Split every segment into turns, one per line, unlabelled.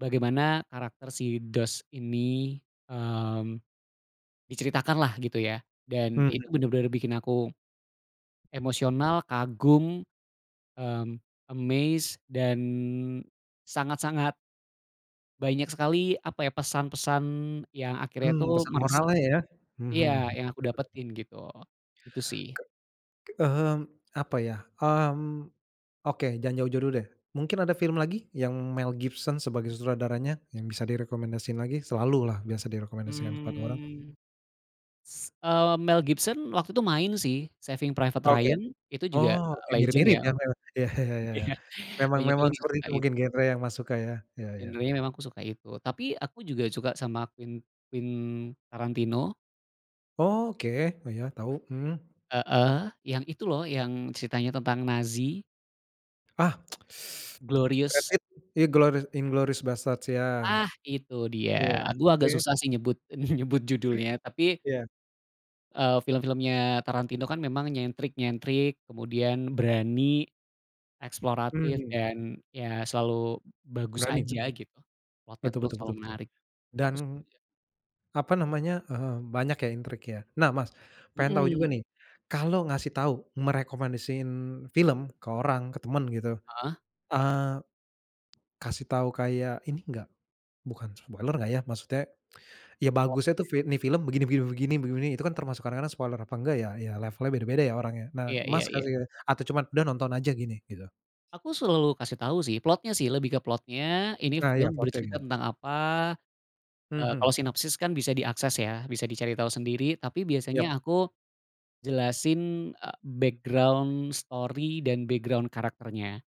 Bagaimana karakter si Dos ini, eee, diceritakan lah gitu ya. Dan
Mhm.
itu bener-bener bikin aku emosional, kagum, mmm, amazed, dan sangat-sangat banyak sekali apa ya, pesan-pesan yang akhirnya
Mmm,
itu
pesan
meresap.
moralnya ya. Mhm.
Iya, yang aku
Bener bener.
dapetin gitu. itu sih.
Ke mhm. Apa ya, mmm, oke jangan jauh-jauh dulu deh. Mungkin ada film lagi yang Mel Gibson sebagai sutradaranya yang bisa direkomendasikan lagi? Selalulah biasa direkomendasikan kepada orang?
Mhm, s eee, Mel Gibson waktu itu main sih, Saving Private
Oke,
Ryan. Itu juga
oh, ya
legend
mirip-mirip
ya.
ya memang ya ya ya ya ya. Memang
Banyak juga
memang
yang
seperti
suka
itu mungkin
itu.
genre yang masuk Kak ya. Ya ya.
Genrenya memang aku suka itu. Tapi aku juga suka sama Quen Quentin Tarantino.
Oke, iya tau. Mmm.
Heeh, yang itu loh yang ceritanya tentang Nazi.
Ah, Brad
Glorious.
Pitt, Inglouri Inglourious Basterds ya.
Ah itu dia.
Iya,
Gue
oke.
agak susah sih nyebut nyebut judulnya. Tapi,
Iya
eee, film-filmnya Tarantino kan memang nyentrik-nyentrik, kemudian berani, eksploratif
Mhm.
dan ya selalu bagus
Berani,
aja
betul.
gitu. Plotnya
Betul
terus
betul
selalu
betul betul.
menarik. Itu
Dan,
aku iya.
apa namanya, eee, banyak ya intriknya. Nah Mas pengen tahu juga
Mhm.
nih, kalau ngasih tahu merekomendasiin film ke orang, ke teman gitu,
Heeh.
eee, kasih tahu kayak ini enggak, bukan spoiler lah ya maksudnya. Ya bagusnya tuh
Plotnya.
fi nih film begini begini- begini begini, itu kan termasuk kadang-kadang spoiler apa enggak ya. Ya levelnya beda-beda ya orangnya, nah
Iya iya
Mas
iya.
kasih atau cuman udah nonton aja gini, gitu?
Aku selalu kasih tau sih, plotnya sih, lebih ke plotnya. Ini
Nah iya,
film
plotnya
bercerita
gitu.
tentang apa. Eee,
Hmm.
kalau sinopsis kan bisa diakses ya, bisa dicari tahu sendiri. Tapi biasanya
Ya.
aku jelasin, eee, background story dan background karakternya,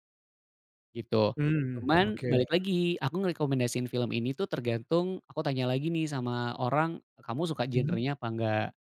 gitu.
Mmm,
Cuman
oke.
balik lagi, aku ngerekomendasiin film ini tuh tergantung aku tanya lagi nih sama orang, kamu suka
Mmm.
genrenya apa enggak?